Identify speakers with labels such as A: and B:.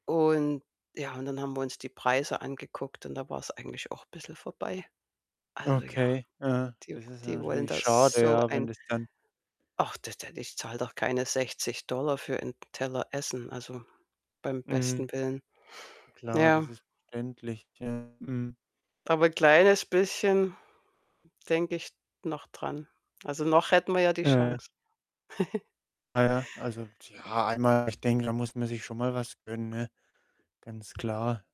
A: Und ja, und dann haben wir uns die Preise angeguckt und da war es eigentlich auch bisschen vorbei. Also ja,
B: Okay, aha,
A: die
B: das ist ja
A: die wollen
B: natürlich
A: da
B: schade,
A: so
B: ja, wenn
A: ein
B: das dann
A: Ach, d d d ich zahle doch keine 60 $ für 'n Teller Essen, also beim
B: Mhm.
A: besten Willen.
B: Klar, das
A: Ja.
B: ist verständlich. Ja, mhm.
A: Aber 'n kleines bisschen denke ich noch dran. Also, noch hätten wir ja die
B: Ja, ja.
A: Chance.
B: Ah, ja, also tja einmal ich denke, da muss man sich schon mal was gönnen, ne? Ganz klar.